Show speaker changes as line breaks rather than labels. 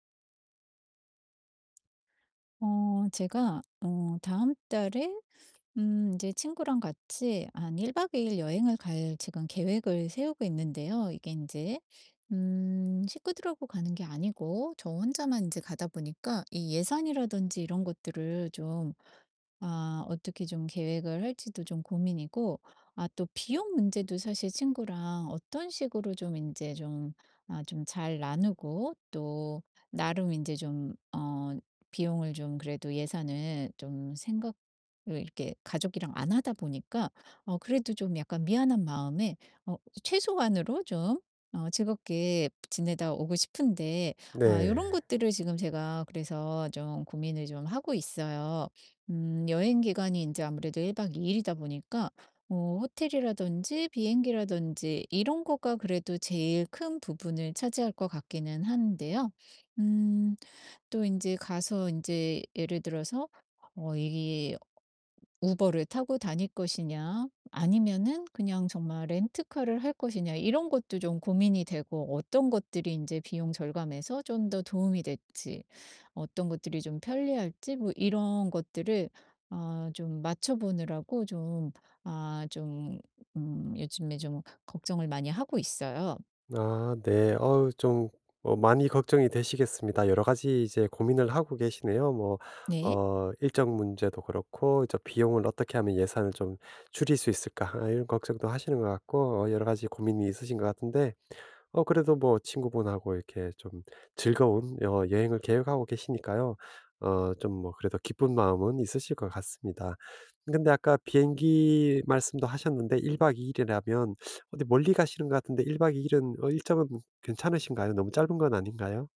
어 제가 어 다음 달에 음 인제 친구랑 같이 한 1 박 2 일 여행을 갈 지금 계획을 세우고 있는데요 이게 인제 음 식구들하고 가는 게 아니고 저 혼자만 인제 가다 보니까 이 예산이라든지 이런 것들을 좀 아 어떻게 좀 계획을 할지도 좀 고민이고 아 또 비용 문제도 사실 친구랑 어떤 식으로 좀 인제 좀 아 좀 잘 나누고 또 나름 인제 좀 어 비용을 좀 그래도 예산을 좀 생각 으 이렇게 가족이랑 안 하다 보니까 어 그래도 좀 약간 미안한 마음에 어 최소한으로 좀 어 즐겁게 브 지내다 오고 싶은데 아 요런
네.
것들을 지금 제가 그래서 좀 고민을 좀 하고 있어요. 음. 여행 기간이 인제 아무래도 1 박 2 일이다 보니까 어 호텔이라든지 비행기라든지 이런 거가 그래도 제일 큰 부분을 차지할 것 같기는 한데요 음 또 인제 가서 인제 예를 들어서 어 이 '우버를 타고 다닐 것이냐 아니면은 그냥 정말 렌터카를 할 것이냐?' 이런 것도 좀 고민이 되고 어떤 것들이 인제 비용 절감에서 좀 더 도움이 될지 어떤 것들이 좀 편리할지 뭐 이런 것들을 아 좀 맞춰보느라고 좀 아 좀 음 요즘에 좀 걱정을 많이 하고 있어요.
아, 네. 어 좀 어 많이 걱정이 되시겠습니다. 여러 가지 이제 고민을 하고 계시네요. 뭐
네.
어 일정 문제도 그렇고 이제 '비용을 어떻게 하면 예산을 좀 줄일 수 있을까?' 아 이런 걱정도 하시는 것 같고 어 여러 가지 고민이 있으신 것 같은데 어, 그래도 뭐 친구분하고 이렇게 좀 즐거운 어 여행을 계획하고 계시니까요 어 좀 뭐 그래도 기쁜 마음은 있으실 것 같습니다. 근데 아까 비행기 말씀도 하셨는데 1 박 2 일이라면 어디 멀리 가시는 것 같은데 1 박 2 일은 어 일정은 괜찮으신가요? 너무 짧은 건 아닌가요?